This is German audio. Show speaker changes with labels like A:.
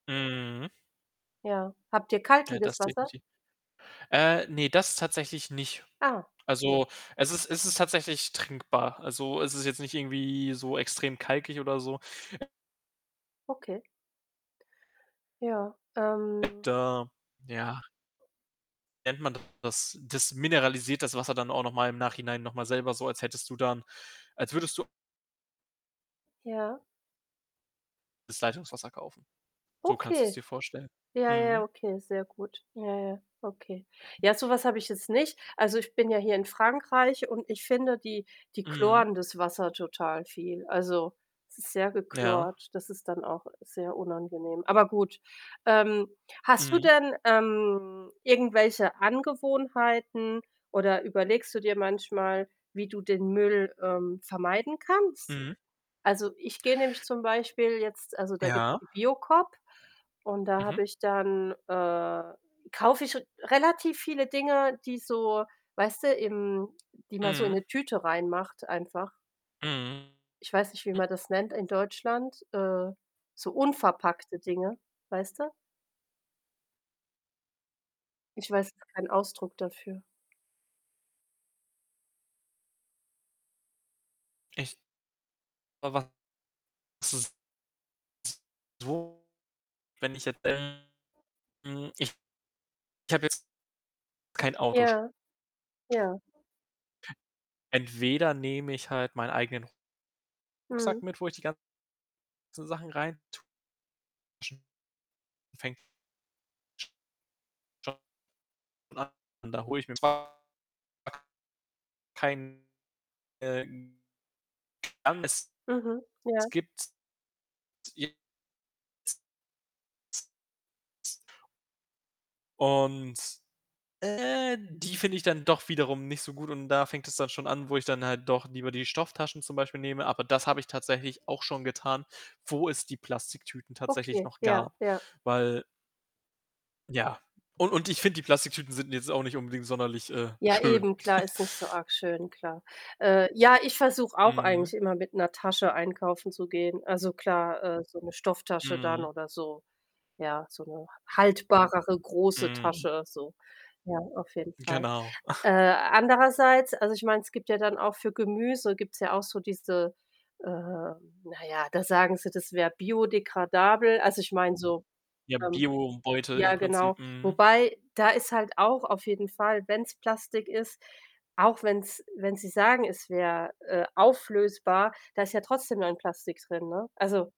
A: Mhm.
B: Ja. Habt ihr
A: Ja,
B: kalkiges
A: das
B: Wasser?
A: definitiv. Äh, ne, das tatsächlich nicht.
B: Ah, ne.
A: Also, es ist es ist tatsächlich trinkbar. Also, es ist jetzt nicht irgendwie so extrem kalkig oder so.
B: Okay. Ja. Ähm
A: Da, ja nennt man denn das? Das mineralisiert das Wasser dann auch noch mal im Nachhinein noch mal selber so, als hättest du dann als würdest du
B: Ja.
A: das Leitungswasser kaufen. So kannst du's
B: Okay.
A: dir vorstellen.
B: Ja, ja,
A: Mhm.
B: okay, sehr gut. Ja, ja, okay. Ja, so was habe ich jetzt nicht. Also, ich bin ja hier in Frankreich und ich finde die die
A: Mhm.
B: chloren das Wasser total viel. Also, es ist sehr
A: Ja.
B: gechlort. Das ist dann auch sehr unangenehm. Aber gut, ähm, hast du
A: Mhm.
B: denn, ähm, irgendwelche Angewohnheiten oder überlegst du dir manchmal, wie du den Müll, ähm, vermeiden kannst?
A: Mhm.
B: Also, ich gehe nämlich zum Beispiel jetzt also, da gibt‘s
A: Ja.
B: die Biocoop und da
A: Mhm.
B: habe ich dann, äh kaufe ich r relativ viele Dinge, die so, weißt du, im die man so in
A: Mhm.
B: 'ne Tüte reinmacht einfach.
A: Mhm.
B: Ich weiß nicht, wie man das nennt in Deutschland. Äh, so unverpackte Dinge, weißt du? Ich weiß gar keinen Ausdruck dafür.
A: Ich [unintelligible] wenn ich jetzt [unintelligible] ich habe jetzt kein Autosch
B: Ja. Ja.
A: [unintelligible] Entweder nehme ich halt meinen eigenen Rucksack
B: Mhm.
A: mit, wo ich die ganzen Sachen reintue [unintelligible] schon an, da hole ich [unintelligible] kein [unintelligible] es
B: Mhm, ja.
A: gibt's. [unintelligible] Und, äh, die finde ich dann doch wiederum nicht so gut und da fängt es dann schon an, wo ich dann halt doch lieber die Stofftaschen zum Beispiel nehme. Aber das habe tatsächlich auch schon getan, wo es die Plastiktüten tatsächlich
B: Okay,
A: noch
B: ja,
A: gab,
B: ja.
A: weil ja. Und und ich finde, die Plastiktüten sind jetzt auch nicht unbedingt sonderlich, äh,
B: Ja,
A: schön.
B: eben, klar, ist nicht so arg schön, klar. Äh, ja, ich versuche auch eigentlich
A: Mhm.
B: immer mit 'ner Tasche einkaufen zu gehen. Also, klar, äh, so 'ne Stofftasche dann,
A: Mhm.
B: oder so. Ja, so 'ne h haltbarere, große
A: Mhm.
B: Tasche, so. Ja, auf jeden Fall.
A: Genau.
B: Äh, andererseits, also, ich meine, es gibt ja dann auch für Gemüse gibt's ja auch so diese äh, na ja, da sagen sie, das wäre biodégradable. Also, ich meine so,
A: Ja,
B: ähm
A: Biobeutel
B: ja,
A: im
B: genau.
A: Prinzip. Mhm.
B: Wobei, da ist halt auch auf jeden Fall, wenn's Plastik ist auch wenn's wenn sie sagen, es wäre, äh, auflösbar, da ist ja trotzdem dann Plastik drin, ne? Also